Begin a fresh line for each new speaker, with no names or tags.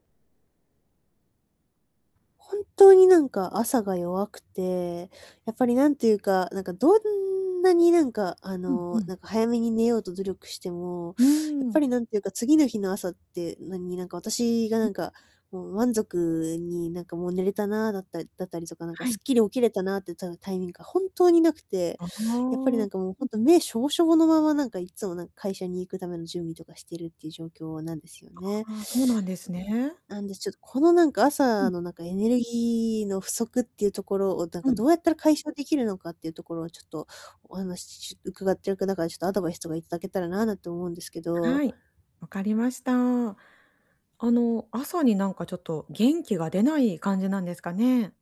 本当に、何か朝が弱くて、やっぱり何て言うか、なんかどんなに何かあ
うんう
の、
ん。
なんか早めに寝ようと努力しても、
うー
やっぱ
ん。
り何て言うか、次の日の朝って何何か私がなんか、もう満足に何かもう寝れたなだったりだったりとか、何か
は
す
い。
っきり起きれたなってたタイミングが本当に無くて、
ああ、
やっぱり
うん。
なんかもうほんと、目しょぼしょぼのまま何かいつもなんか会社に行くための準備とかしてるっていう状況なんですよね。
ああ、そうなんです
うん、
ね。
なんで、ちょっと、このなんか
う
朝
ん。
のなんかエネルギーの不足っていうところをなんか
はい。
どうやったら解消できるのかっていうところをちょっと、お話伺ってるから、ちょっとアドバイスとか頂けたらななんて思うんですけど。
はい。わかりました。あの、朝になんかちょっと元気が出ない感じなんですかね？